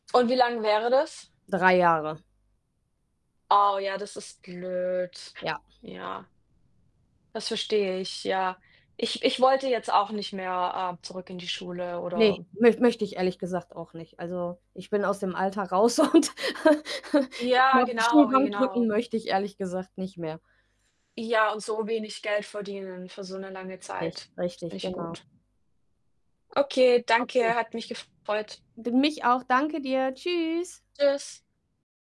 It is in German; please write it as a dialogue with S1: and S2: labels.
S1: Und wie lang wäre das?
S2: 3 Jahre.
S1: Oh, ja, das ist blöd.
S2: Ja.
S1: Ja. Das verstehe ich, ja. Ich Ich wollte jetzt auch nicht mehr, ähm, zurück in die Schule
S2: Ne,
S1: oder
S2: möcht möchte ich ehrlich gesagt auch nicht. Also, ich bin aus dem Alltag raus und ich
S1: Ja,
S2: glaube, die
S1: genau,
S2: Stuhlbank drücken
S1: genau.
S2: möchte ich ehrlich gesagt nicht mehr.
S1: Ja, und so wenig Geld verdienen für so 'ne lange
S2: Richtig,
S1: Zeit, ist
S2: richtig,
S1: nicht
S2: genau.
S1: gut. Okay,
S2: Okay.
S1: danke. Hat mich gefreut.
S2: Ge mich auch. Danke dir. Tschüss.
S1: Tschüss.